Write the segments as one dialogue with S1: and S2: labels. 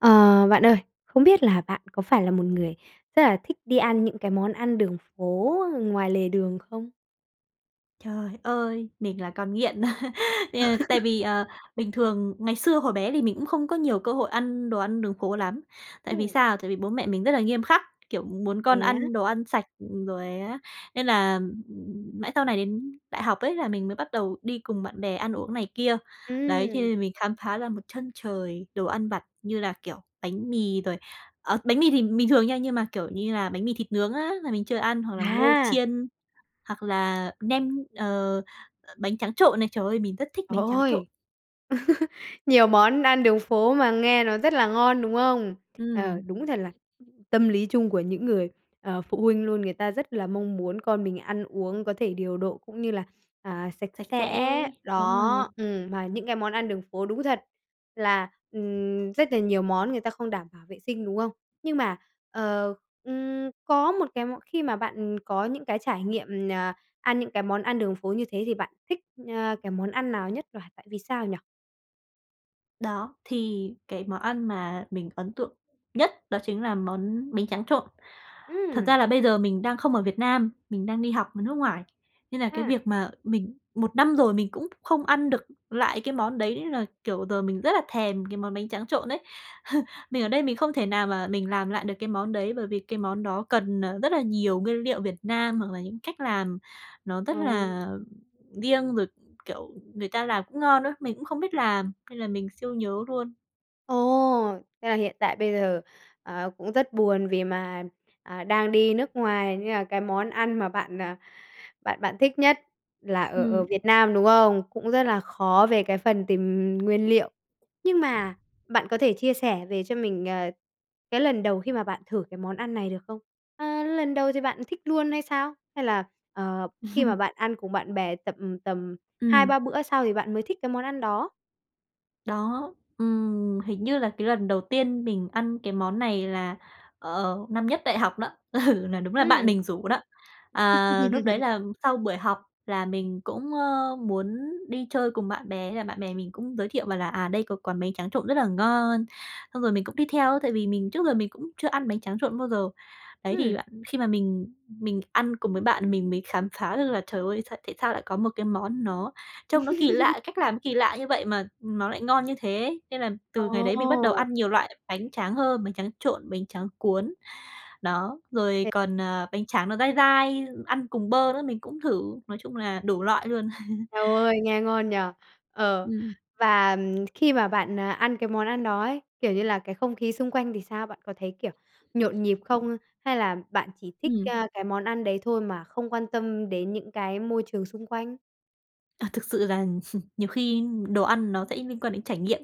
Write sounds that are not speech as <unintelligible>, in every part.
S1: Ờ, bạn ơi, không biết là bạn có phải là một người rất là thích đi ăn những cái món ăn đường phố ngoài lề đường không?
S2: Trời ơi! Mình là con nghiện, <laughs> ờ, tại
S1: <laughs>
S2: vì, ờ, bình thường ngày xưa hồi bé thì mình cũng không có nhiều cơ hội ăn đồ ăn đường phố lắm, tại vì
S1: Ừm.
S2: sao? Tại vì bố mẹ mình rất là nghiêm khắc, kiểu, muốn
S1: Thế
S2: con
S1: á?
S2: ăn đồ ăn sạch, ừm, rồi á nên là mãi sau này đến đại học ấy là mình mới bắt đầu đi cùng bạn bè ăn uống này kia. Đấy, cho
S1: Ừm.
S2: nên là mình khám phá ra một chân trời đồ ăn vặt như là, kiểu, bánh mì rồi ờ, bánh mì thì bình thường nha nhưng mà, kiểu như là, bánh mì thịt nướng á, là mình chưa ăn, hoặc là ngô
S1: À!
S2: chiên, hoặc là nem, ờ, bánh tráng trộn này, trời ơi! Mình rất thích
S1: Trời
S2: bánh tráng
S1: ơi!
S2: trộn.
S1: <laughs> Nhiều món ăn đường phố mà nghe nó rất là ngon, đúng không? Ờ,
S2: Ừm.
S1: đúng thật là, ừm, tâm lý chung của những người, ờ, phụ huynh luôn, người ta rất là mong muốn con mình ăn uống có thể điều độ cũng như là, à, sạch
S2: Sạch
S1: sẽ
S2: sẽ, đúng rồi.
S1: đó, ừm, mà những cái món ăn đường phố đúng thật là, ừm, rất là nhiều món người ta không đảm bảo vệ sinh, đúng không? Nhưng mà, ờ, ừm, có một cái món khi mà bạn có những cái trải nghiệm, ờ, ăn những cái món ăn đường phố như thế thì bạn thích, a, cái món ăn nào nhất và tại vì sao nhỉ?
S2: Đó, thì cái món ăn mà mình ấn tượng nhất đó chính là món bánh tráng trộn. Thật ra
S1: Ừm.
S2: là bây giờ mình đang không ở Việt Nam, mình đang đi học ở nước ngoài, nên là cái
S1: À.
S2: việc mà mình một năm rồi mình cũng không ăn được lại cái món đấy nên là, kiểu, giờ mình rất là thèm cái món bánh tráng trộn đấy. <scoffs> Mình ở đây mình không thể nào mà mình làm lại được cái món đấy, bởi vì cái món đó cần, ờ, rất là nhiều nguyên liệu Việt Nam hoặc là những cách làm nó rất
S1: Ờ.
S2: là riêng rồi, kiểu, người ta làm cũng ngon á, mình cũng không biết làm, nên là mình siêu nhớ luôn.
S1: Ồ, thế là hiện tại bây giờ, ờ, cũng rất buồn vì mà, à, đang đi nước ngoài nên là cái món ăn mà bạn, ờ, bạn bạn thích nhất là ở ở
S2: Ừm.
S1: Việt Nam, đúng không? Cũng rất là khó về cái phần tìm nguyên liệu. Nhưng mà bạn có thể chia sẻ về cho mình, ờ, cái lần đầu khi mà bạn thử cái món ăn này được không? Ơ, lần đầu thì bạn thích luôn hay sao? Hay là, ờ, khi mà
S2: <laughs>
S1: bạn ăn cùng bạn bè tầm tầm hai
S2: Ừm.
S1: ba bữa sau thì bạn mới thích cái món ăn đó?
S2: Đó, ừm, hình như là cái lần đầu tiên mình ăn cái món này là, ờ, năm nhất đại học đó, ừ, là đúng là bạn
S1: Ừm.
S2: mình rủ đó. Ờ, lúc đấy
S1: <laughs>
S2: là sau buổi học là mình cũng, ơ, muốn đi chơi cùng bạn bè, thế là bạn bè mình cũng giới thiệu bảo là "À, đây có quán bánh tráng trộn rất là ngon." Xong rồi mình cũng đi theo tại vì mình trước giờ mình cũng chưa ăn bánh tráng trộn bao giờ. Đấy,
S1: Ừm.
S2: thì bạn khi mà mình mình ăn cùng với bạn mình mới khám phá được là trời ơi s tại sao lại có một cái món nó trông nó kỳ
S1: <laughs>
S2: lạ, cách làm nó kỳ lạ như vậy mà nó lại ngon như thế ấy! Nên là từ ngày đấy mình bắt đầu
S1: Ồ!
S2: ăn nhiều loại bánh tráng hơn, bánh tráng trộn, bánh tráng cuốn, đó, rồi
S1: <unintelligible>
S2: còn, ờ, bánh tráng nó dai dai, ăn cùng bơ nữa, mình cũng thử, nói chung là đủ loại luôn.
S1: Eo ôi, nghe ngon nhỉ! Ờ,
S2: Ừm.
S1: và, ừm, khi mà bạn, à, ăn cái món ăn đó ấy, kiểu như là, cái không khí xung quanh thì sao? Bạn có thấy, kiểu, nhộn nhịp không hay là bạn chỉ thích,
S2: Ừm.
S1: a, cái món ăn đấy thôi mà không quan tâm đến những cái môi trường xung quanh?
S2: À, thực sự rằng <laughs> nhiều khi đồ ăn nó sẽ liên quan đến trải nghiệm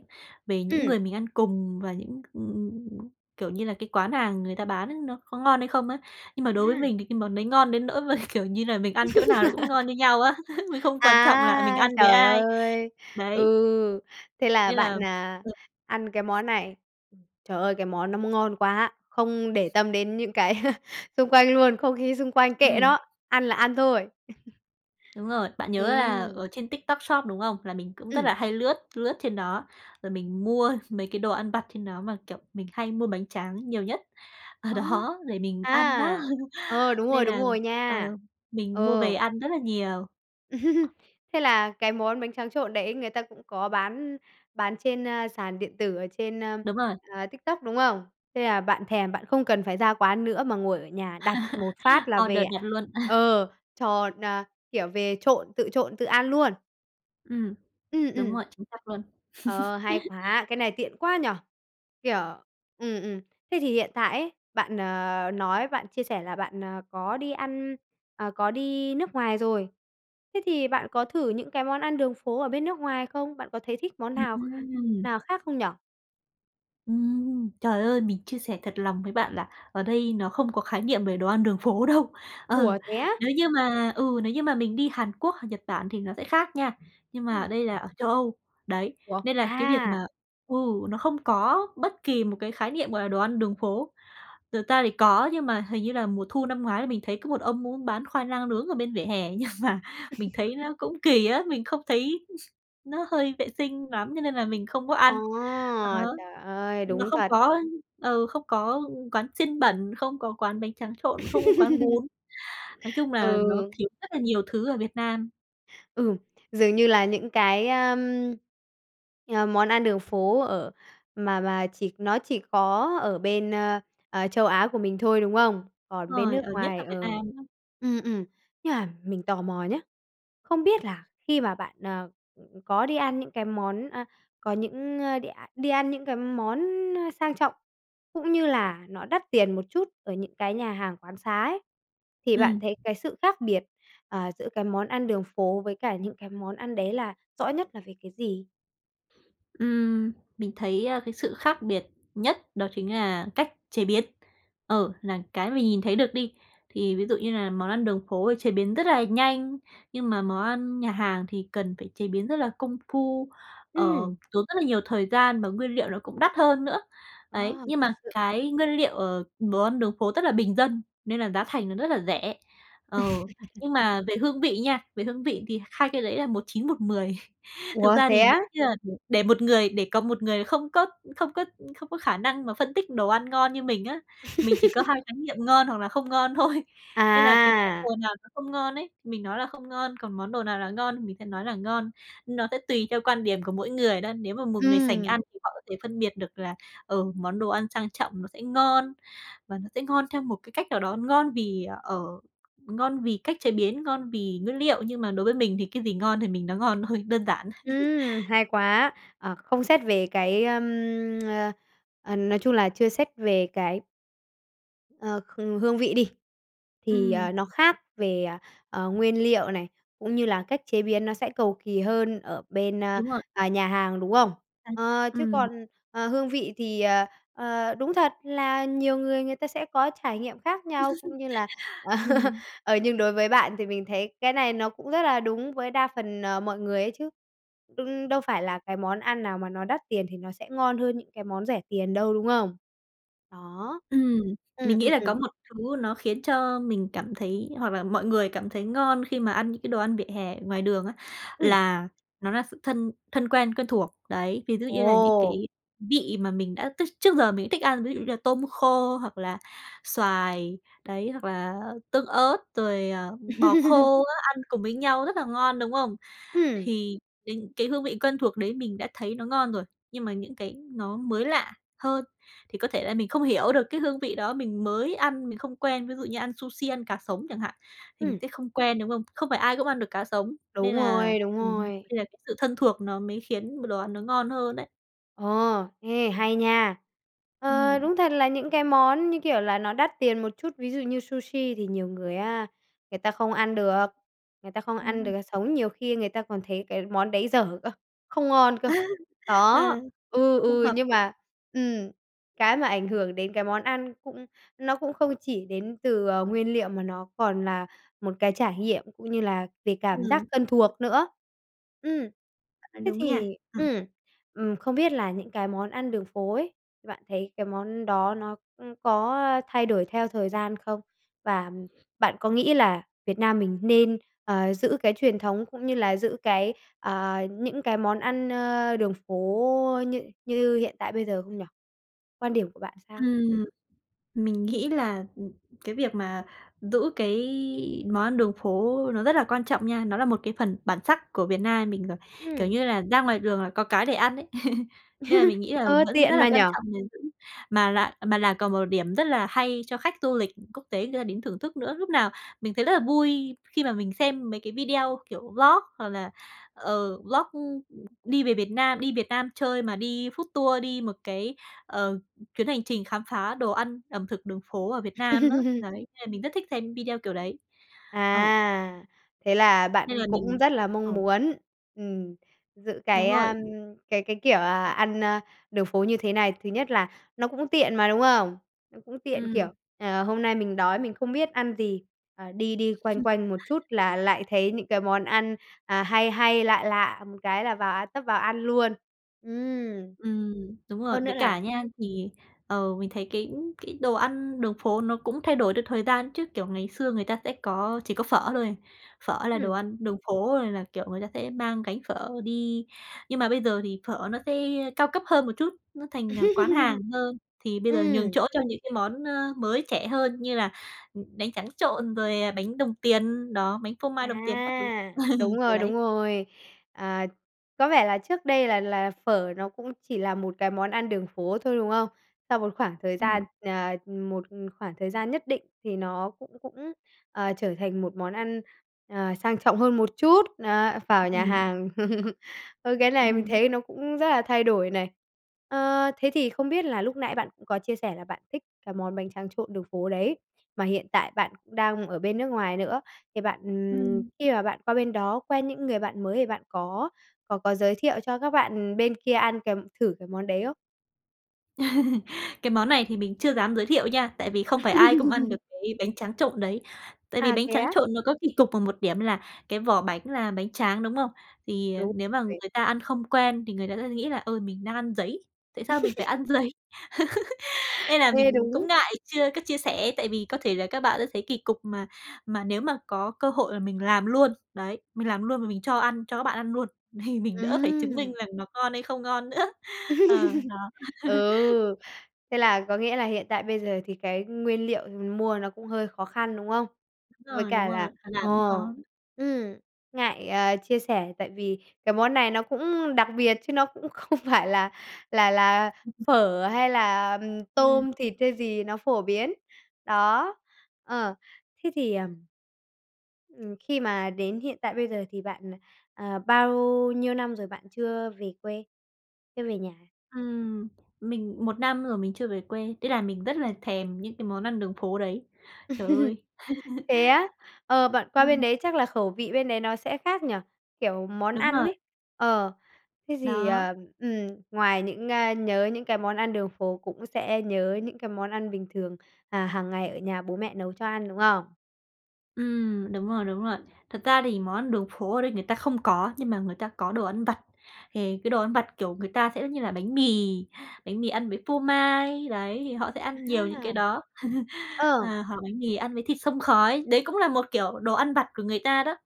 S2: về những
S1: Ừm.
S2: người mình ăn cùng và những ừm ừm, kiểu như là, cái quán hàng người ta bán á, nó có ngon hay không á. Nhưng mà đối với
S1: À.
S2: mình thì cái món đấy ngon đến nỗi mà, kiểu như là, mình ăn chỗ nào nó cũng ngon
S1: <laughs>
S2: như nhau á. <laughs> Mình không quan trọng là mình
S1: À,
S2: ăn với
S1: trời
S2: ai.
S1: ơi!
S2: Đấy.
S1: Ừ, thế là
S2: Nên là
S1: bạn, à, ăn cái
S2: <unintelligible>
S1: món này. Ừ, trời ơi, cái món nó m ngon quá, không để tâm đến những cái <laughs> xung quanh luôn, không khí xung quanh kệ
S2: Ừm.
S1: đó, ăn là ăn thôi. <laughs>
S2: Đúng rồi. Bạn nhớ là
S1: Ừm.
S2: ở trên TikTok Shop, đúng không? Là mình cũng rất
S1: Ừm.
S2: là hay lướt lướt trên đó, rồi mình mua mấy cái đồ ăn vặt trên đó mà, kiểu, mình hay mua bánh tráng nhiều nhất ở
S1: Ờ.
S2: đó để mình ăn á,
S1: À, ờ,
S2: <laughs>
S1: đúng rồi,
S2: nên
S1: đúng
S2: là
S1: rồi
S2: ờ,
S1: nha.
S2: mình mua về
S1: Ờ.
S2: ăn rất là nhiều.
S1: <laughs> Thế là cái món bánh tráng trộn đấy người ta cũng có bán bán trên, ơ, sàn điện tử ở trên, ơ,
S2: Đúng rồi.
S1: à, TikTok, đúng không? Thế là bạn thèm, bạn không cần phải ra quán nữa mà ngồi ở nhà, đặt một phát
S2: <laughs>
S1: là về
S2: Order
S1: ạ
S2: nhặt luôn. <laughs>
S1: ờ, tròn à, kiểu, về trộn, tự trộn, tự ăn luôn?
S2: Ừm.
S1: Ừm,
S2: Đúng
S1: ừm.
S2: rồi, chính xác luôn.
S1: Ờ, hay quá! Cái
S2: <chuckles>
S1: này tiện quá nhỉ! Kiểu ừm, ừm. Thế thì hiện tại ấy bạn, ờ, nói bạn chia sẻ là bạn, ờ, có đi ăn, à, có đi nước ngoài rồi, thế thì bạn có thử những cái món ăn đường phố ở bên nước ngoài không? Bạn có thấy thích món
S2: Ừ,
S1: nào kh
S2: ừm.
S1: nào khác không nhỉ?
S2: Ừm, trời ơi! Mình chia sẻ thật lòng với bạn là ở đây nó không có khái niệm về đồ ăn đường phố đâu. Ờ,
S1: Ủa, thế á?
S2: nếu như mà ừ, nếu như mà mình đi Hàn Quốc hoặc Nhật Bản thì nó sẽ khác nha, nhưng mà
S1: Ừm.
S2: đây là ở Châu Âu. Đấy,
S1: Ủa?
S2: nên là cái việc
S1: À.
S2: mà ừ, nó không có bất kỳ một cái khái niệm, gọi là, đồ ăn đường phố. Thực ra thì có nhưng mà hình như là mùa thu năm ngoái là mình thấy có một ông ông ấy bán khoai lang nướng ở bên vỉa hè, <chuckles> nhưng mà mình thấy
S1: <chuckles>
S2: nó cũng kỳ á, mình không thấy nó hơi vệ sinh lắm, cho nên là mình không có
S1: Ờ,
S2: ăn. Đó.
S1: trời ơi,
S2: Nó
S1: đúng
S2: không
S1: thật.
S2: có, ơ, ờ, không có quán xiên bẩn, không có quán bánh tráng trộn, không có quán bún. Nói
S1: <chuckles>
S2: chung
S1: Ừ.
S2: là nó thiếu rất là nhiều thứ ở Việt Nam.
S1: Ừm, dường như là những cái, ơ, ờ, món ăn đường phố ở mà mà chỉ nó chỉ có ở bên, ơ, ờ Châu Á của mình thôi, đúng không? Còn bên
S2: Rồi,
S1: nước
S2: ờ, nhất
S1: ngoài
S2: là
S1: ờ,
S2: Việt Nam đó.
S1: ừm, ừm. Nhưng mà mình tò mò nhá, không biết là khi mà bạn, ờ, ừm, có đi ăn những cái món a, có những, a, đi a đi ăn những cái món sang trọng, cũng như là nó đắt tiền một chút ở những cái nhà hàng quán xá ấy, thì bạn
S2: Ừm.
S1: thấy cái sự khác biệt, ờ, giữa cái món ăn đường phố với cả những cái món ăn đấy là rõ nhất là về cái gì?
S2: Ừm, mình thấy, ơ, cái sự khác biệt nhất đó chính là cách chế biến, ờ, là cái mình nhìn thấy được đi. Thì ví dụ như là món ăn đường phố thì chế biến rất là nhanh, nhưng mà món ăn nhà hàng thì cần phải chế biến rất là công phu, ờ,
S1: Ừm.
S2: tốn rất là nhiều thời gian mà nguyên liệu nó cũng đắt hơn nữa.
S1: Ờ,
S2: Ấy, nhưng
S1: thật
S2: mà
S1: sự!
S2: cái nguyên liệu, ờ, đồ ăn đường phố rất là bình dân nên là giá thành nó rất là rẻ. Ờ,
S1: <laughs>
S2: nhưng mà về hương vị nha, về hương vị thì hai cái đấy là một chín một mười. <chuckles> Thực
S1: Ủa
S2: ra
S1: thế
S2: thì nếu
S1: á?
S2: như mà để để một người để có một người không có không có không có khả năng mà phân tích đồ ăn ngon như mình á, mình chỉ có hai
S1: <laughs>
S2: khái niệm ngon hoặc là không ngon thôi. Nên là cái món
S1: À.
S2: đồ nào nó không ngon ấy, mình nói là không ngon, còn món đồ nào là ngon thì mình sẽ nói là ngon, nó sẽ tùy theo quan điểm của mỗi người đó. Nếu mà một người sành ăn
S1: Ừm.
S2: thì họ có thể phân biệt được là, ờ, món đồ ăn sang trọng nó sẽ ngon và nó sẽ ngon theo một cái cách nào đó, ngon vì ở ngon vì cách chế biến, ngon vì nguyên liệu. Nhưng mà đối với mình thì cái gì ngon thì mình nói ngon thôi, đơn giản.
S1: Ừm,
S2: <laughs>
S1: hay quá! Ờ, không xét về cái, ờ, <tsk> ờ, nói chung là, chưa xét về cái ờ, h hương vị đi, thì, à,
S2: Ừm.
S1: nó khác về, ờ, nguyên liệu này, cũng như là cách chế biến nó sẽ cầu kỳ hơn ở bên, ờ,
S2: Đúng rồi.
S1: à, nhà hàng, đúng không?
S2: À.
S1: Ờ, chứ
S2: Ừm.
S1: còn, ờ, hương vị thì, ờ, ờ, đúng thật là nhiều người, người ta sẽ có trải nghiệm khác nhau, cũng như là
S2: <laughs>
S1: <laughs>
S2: Ừm.
S1: ờ, nhưng đối với bạn thì mình thấy cái này nó cũng rất là đúng với đa phần, ờ, mọi người ấy chứ. Đ đâu phải là cái món ăn nào mà nó đắt tiền thì nó sẽ ngon hơn những cái món rẻ tiền đâu, đúng không? Đó.
S2: Ừm,
S1: Ừm,
S2: mình nghĩ
S1: ừm,
S2: là
S1: ừm.
S2: có một thứ nó khiến cho mình cảm thấy hoặc là mọi người cảm thấy ngon khi mà ăn những cái đồ ăn vỉa hè ở ngoài đường á,
S1: Ừm.
S2: là nó là sự thân thân quen quen thuộc đấy. Ví dụ như là những
S1: Ồ!
S2: cái vị mà mình đã tức trước giờ mình thích ăn, ví dụ như là tôm khô hoặc là xoài đấy, hoặc là tương ớt rồi, ờ, bò
S1: <laughs>
S2: khô á, ăn cùng với nhau rất là ngon, đúng không?
S1: Ừm.
S2: Thì đình cái hương vị quen thuộc đấy mình đã thấy nó ngon rồi, nhưng mà những cái nó mới lạ hơn thì có thể là mình không hiểu được cái hương vị đó, mình mới ăn mình không quen. Ví dụ như ăn sushi, ăn cá sống chẳng hạn, thì mình
S1: Ừm.
S2: sẽ không quen, đúng không? Không phải ai cũng ăn được cá sống,
S1: Đúng
S2: nên là
S1: rồi, đúng
S2: ừm,
S1: rồi.
S2: nên là cái sự thân thuộc nó mới khiến b đồ ăn nó ngon hơn đấy.
S1: Ờ. Ê, hay nha! Ờ,
S2: Ừm.
S1: đúng thật là những cái món, như kiểu là, nó đắt tiền một chút, ví dụ như sushi thì nhiều người á, người ta không ăn được, người ta không
S2: Đúng
S1: ăn
S2: rồi.
S1: được sống, nhiều khi người ta còn thấy cái món đấy dở cơ, không ngon cơ.
S2: <laughs>
S1: Đó,
S2: Ờ.
S1: ừ,
S2: Không
S1: ừ,
S2: hợp
S1: nhưng
S2: khẩu <unintelligible>
S1: mà ừm, cái mà ảnh hưởng đến cái món ăn cũng nó cũng không chỉ đến từ, ờ, nguyên liệu mà nó còn là một cái trải nghiệm cũng như là về cảm giác
S2: Ừm.
S1: thân thuộc nữa. Ừm.
S2: Bạn nói
S1: Thế
S2: đúng nha.
S1: thì
S2: Ừm.
S1: ừm, ừm, không biết là những cái món ăn đường phố ấy, bạn thấy cái món đó nó, ừm, có thay đổi theo thời gian không? Và bạn có nghĩ là Việt Nam mình nên, ờ, giữ cái truyền thống cũng như là giữ cái, ờ, những cái món ăn, ơ, đường phố như như hiện tại bây giờ không nhỉ? Quan điểm của bạn sao?
S2: Ừm. Mình nghĩ là, ừm, cái việc mà giữ cái món ăn đường phố nó rất là quan trọng nha. Nó là một cái phần bản sắc của Việt Nam mình rồi, kiểu
S1: Ừm.
S2: như là, ra ngoài đường là có cái để ăn ấy. <laughs> Nên là mình
S1: <laughs>
S2: nghĩ là
S1: Ơ,
S2: vẫn rất
S1: tiện
S2: là
S1: mà nhỉ?
S2: quan trọng gìn giữ, mà là mà là còn một điểm rất là hay cho khách du lịch quốc tế người ta đến thưởng thức nữa. Lúc nào mình thấy rất là vui khi mà mình xem mấy cái video, kiểu, vlog hoặc là, ờ, vlog đi về Việt Nam, đi Việt Nam chơi mà đi food tour, đi một cái, ờ, chuyến hành trình khám phá đồ ăn ẩm thực đường phố ở Việt Nam á.
S1: <laughs>
S2: Đấy, nên là mình rất thích xem video kiểu đấy. Ừ.
S1: À, thế là
S2: Nên
S1: bạn
S2: là
S1: cũng
S2: mình
S1: rất là
S2: ờ.
S1: mong muốn, ừm, giữ
S2: Đúng
S1: cái, ờ,
S2: rồi.
S1: cái cái, kiểu là, ăn, ơ, đường phố như thế này. Thứ nhất là nó cũng tiện mà, đúng không? Nó cũng tiện, kiểu,
S2: Ừm.
S1: ờ, hôm nay mình đói mình không biết ăn gì, ờ, đi đi quanh quanh một
S2: <laughs>
S1: chút là lại thấy những cái món ăn, à, hay hay lạ lạ, một cái là vào tấp vào ăn luôn. Ừm.
S2: Ừm, đúng rồi.
S1: Hơn nữa
S2: Với
S1: là
S2: cả nha, thì, ờ, mình thấy cái cái đồ ăn đường phố nó cũng thay đổi theo thời gian chứ, kiểu, ngày xưa người ta sẽ có chỉ có phở thôi. Phở là đồ
S1: Ừm.
S2: ăn đường phố rồi là, kiểu, người ta sẽ mang gánh phở đi. Nhưng mà bây giờ thì phở nó sẽ cao cấp hơn một chút, nó thành, à, quán hàng
S1: <laughs>
S2: hơn. Thì bây giờ nhường
S1: Ừm.
S2: chỗ cho những cái món, ơ, mới trẻ hơn như là, ừm, bánh tráng trộn rồi bánh đồng tiền đó, bánh phô mai đồng tiền các thứ.
S1: À, đúng
S2: <laughs> Ừ,
S1: rồi, đúng
S2: đấy.
S1: rồi. Ờ, có vẻ là trước đây là là phở nó cũng chỉ là một cái món ăn đường phố thôi, đúng không? Sau một khoảng thời gian
S2: Ừm.
S1: ờ, một khoảng thời gian nhất định thì nó cũng cũng, ờ, trở thành một món ăn, ờ, sang trọng hơn một chút, á, vào nhà
S2: Ừm.
S1: hàng. <laughs> Ờ, cái này mình
S2: Ừm.
S1: thấy nó cũng rất là thay đổi này. Ờ, thế thì không biết là lúc nãy bạn cũng có chia sẻ là bạn thích cái món bánh tráng trộn đường phố đấy, mà hiện tại bạn cũng đang ở bên nước ngoài nữa. Thì bạn, ừm,
S2: Ừm.
S1: khi mà bạn qua bên đó quen những người bạn mới thì bạn có có có giới thiệu cho các bạn bên kia ăn cái thử cái món đấy không?
S2: <laughs> Cái món này thì mình chưa dám giới thiệu nha, tại vì không phải ai cũng ăn được
S1: <laughs>
S2: cái bánh tráng trộn đấy. Tại vì
S1: À,
S2: bánh
S1: thế
S2: tráng
S1: á.
S2: trộn nó có kỳ cục ở một điểm là cái vỏ bánh là bánh tráng, đúng không? Thì, à,
S1: Đúng
S2: nếu mà
S1: <unintelligible>
S2: người ta ăn không quen thì người ta sẽ nghĩ là, ờ, mình đang ăn giấy. Tại sao mình phải
S1: <laughs>
S2: ăn giấy? <laughs> Nên là
S1: Ê,
S2: mình cũng
S1: đúng!
S2: ngại chưa có chia sẻ, tại vì có thể là các bạn sấy kỳ cục, mà mà nếu mà có cơ hội là mình làm luôn, đấy, mình làm luôn mà mình cho ăn cho các bạn ăn luôn, thì mình đỡ phải chứng minh
S1: Ừm!
S2: rằng nó ngon hay không ngon nữa. Ờ,
S1: <laughs>
S2: đó.
S1: Ừ.
S2: <laughs>
S1: Thế là có nghĩa là hiện tại bây giờ thì cái nguyên liệu mình mua nó cũng hơi khó khăn, đúng không?
S2: Đúng
S1: Với
S2: rồi, đúng
S1: cả là,
S2: rồi, mà
S1: ờ,
S2: làm cũng khó.
S1: ừm, ngại, à, chia sẻ tại vì cái món này nó cũng đặc biệt chứ nó cũng không phải là là là
S2: <unintelligible>
S1: phở hay là, ừm,
S2: Ừm.
S1: tôm, thịt hay gì nó phổ biến. Đó, ờ, thế thì ừm. Ừm, khi mà đến hiện tại bây giờ thì bạn, ờ, ờ, bao nhiêu năm rồi bạn chưa về quê, chưa về nhà?
S2: Ừm, mình 1 năm rồi mình chưa về quê, thế là mình rất là thèm những cái món ăn đường phố đấy. Trời
S1: <laughs>
S2: ơi!
S1: Thế á? Ờ, bạn
S2: <laughs>
S1: qua bên
S2: Ừm.
S1: đấy chắc là khẩu vị bên đấy nó sẽ khác nhỉ? Kiểu, món
S2: Đúng
S1: ăn
S2: rồi.
S1: ấy, ờ, cái gì
S2: Đó.
S1: ờ, ừm, ngoài những a, nhớ những cái món ăn đường phố cũng sẽ nhớ những cái món ăn bình thường, à, hàng ngày ở nhà bố mẹ nấu cho ăn, đúng không?
S2: Ừm, đúng rồi, đúng rồi. Thật ra thì món ăn đường phố ở đây người ta không có, nhưng mà người ta có đồ ăn vặt. Thì cái đồ ăn vặt, kiểu, người ta sẽ như là bánh mì, bánh mì ăn với phô mai, đấy, thì họ sẽ ăn nhiều những cái
S1: A.
S2: đó. <laughs>
S1: Ờ.
S2: Ờ, hoặc bánh mì ăn với thịt xông khói, đấy cũng là một kiểu đồ ăn vặt của người ta đó.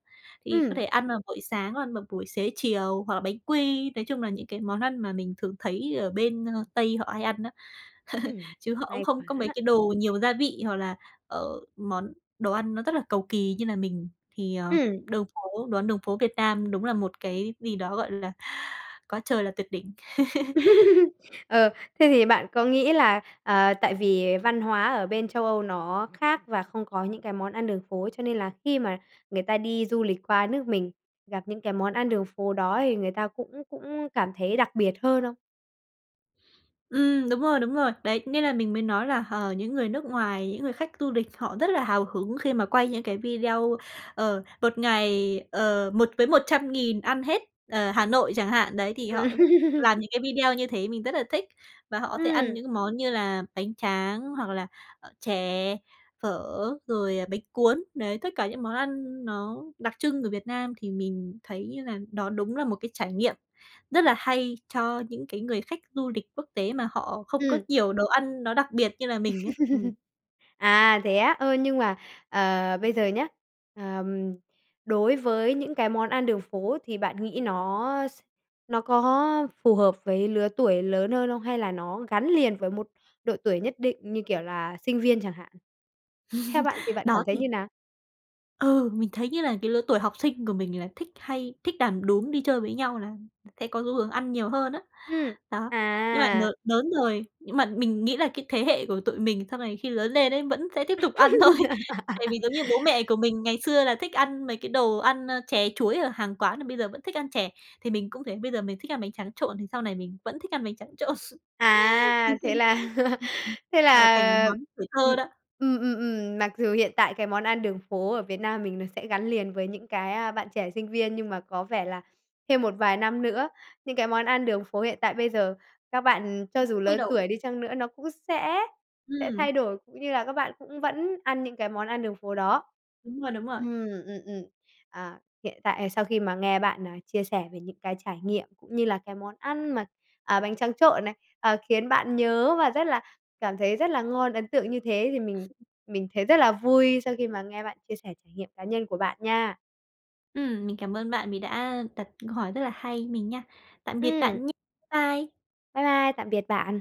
S2: Thì có
S1: Ừm.
S2: thể ăn vào buổi sáng, ăn vào buổi xế chiều hoặc là bánh quy, nói chung là những cái món ăn mà mình thường thấy ở bên, ơ, tây họ hay ăn á,
S1: Ừm,
S2: <laughs> chứ họ cũng
S1: hay
S2: không có mấy
S1: quá.
S2: cái đồ nhiều gia vị hoặc là, ờ, món đồ ăn nó rất là cầu kỳ như là mình thì, ờ,
S1: Ừm.
S2: đường phố đồ ăn đường phố Việt Nam đúng là một cái gì đó, gọi là, quá trời là tuyệt đỉnh! <laughs>
S1: <laughs> Ờ, thế thì bạn có nghĩ là, à, tại vì văn hóa ở bên Châu Âu nó khác và không có những cái món ăn đường phố, cho nên là khi mà người ta đi du lịch qua nước mình, gặp những cái món ăn đường phố đó thì người ta cũng cũng cảm thấy đặc biệt hơn không?
S2: Ừm, đúng rồi, đúng rồi. Đấy, nên là mình mới nói là, ờ, những người nước ngoài, những người khách tu địch họ rất là hào hứng khi mà quay những cái video, ờ, 1 ngày, ờ, một với 100.000 ăn hết, ờ, Hà Nội chẳng hạn, đấy, thì họ
S1: Ừm.
S2: làm những cái video như thế mình rất là thích. Và họ có thể ăn
S1: Ừm.
S2: những món như là bánh tráng hoặc là, ờ, chè, phở, rồi, à, bánh cuốn, đấy, tất cả những món ăn nó đặc trưng ở Việt Nam thì mình thấy là nó đúng là một cái trải nghiệm rất là hay cho những cái người khách du lịch quốc tế, mà họ không có
S1: Ừm.
S2: nhiều đồ ăn nó đặc biệt như là mình ấy. Ừm.
S1: <laughs> À, thế á. Ơ, nhưng mà, ờ, bây giờ nhá, ờm, đối với những cái món ăn đường phố thì bạn nghĩ nó s nó có phù hợp với lứa tuổi lớn hơn không? Hay là nó gắn liền với một độ tuổi nhất định như, kiểu, là sinh viên chẳng hạn? Theo bạn thì
S2: <laughs>
S1: bạn cảm
S2: Đó
S1: thấy
S2: thì
S1: như nào?
S2: Ừ, mình thấy như là cái lứa tuổi học sinh của mình là thích hay thích đàn đúm, đi chơi với nhau là sẽ có xu hướng ăn nhiều hơn á,
S1: Ừm.
S2: đó. Nhưng mà n
S1: À.
S2: lớn rồi, nhưng mà mình nghĩ là cái thế hệ của tụi mình sau này khi lớn lên ấy, vẫn sẽ tiếp tục ăn thôi. Tại
S1: <laughs>
S2: vì giống như bố mẹ của mình ngày xưa là thích ăn mấy cái đồ ăn, ơ, chè chuối ở hàng quán là bây giờ vẫn thích ăn chè, thì mình cũng thế, bây giờ mình thích ăn bánh tráng trộn thì sau này mình vẫn thích ăn bánh tráng trộn.
S1: À, thế là
S2: <laughs>
S1: <laughs>
S2: Ưm, ừm,
S1: thế
S2: gọi là thành
S1: là
S2: món tuổi thơ
S1: ừm,
S2: đó.
S1: ừm, ừm, ừm, mặc dù hiện tại cái món ăn đường phố ở Việt Nam mình nó sẽ gắn liền với những cái, a, bạn trẻ sinh viên, nhưng mà có vẻ là thêm một vài năm nữa, những cái món ăn đường phố hiện tại bây giờ, các bạn cho dù
S2: <unintelligible> thay
S1: lớn
S2: đổi.
S1: tuổi đi chăng nữa nó cũng sẽ sẽ
S2: Ừm.
S1: thay đổi, cũng như là các bạn cũng vẫn ăn những cái món ăn đường phố đó.
S2: Đúng rồi, đúng rồi.
S1: Ừm, ừm, ừm, ờ, hiện tại sau khi mà nghe bạn, à, chia sẻ về những cái trải nghiệm cũng như là cái món ăn mà, à, bánh tráng trộn này, ờ, khiến bạn nhớ và rất là cảm thấy rất là ngon, ấn tượng như thế thì mình mình thấy rất là vui sau khi mà nghe bạn chia sẻ trải nghiệm cá nhân của bạn nha.
S2: Ừm, mình cảm ơn bạn vì đã đặt câu hỏi rất là hay mình nha. Tạm biệt
S1: Ừm.
S2: bạn nh Bye!
S1: Bai bai, tạm biệt bạn!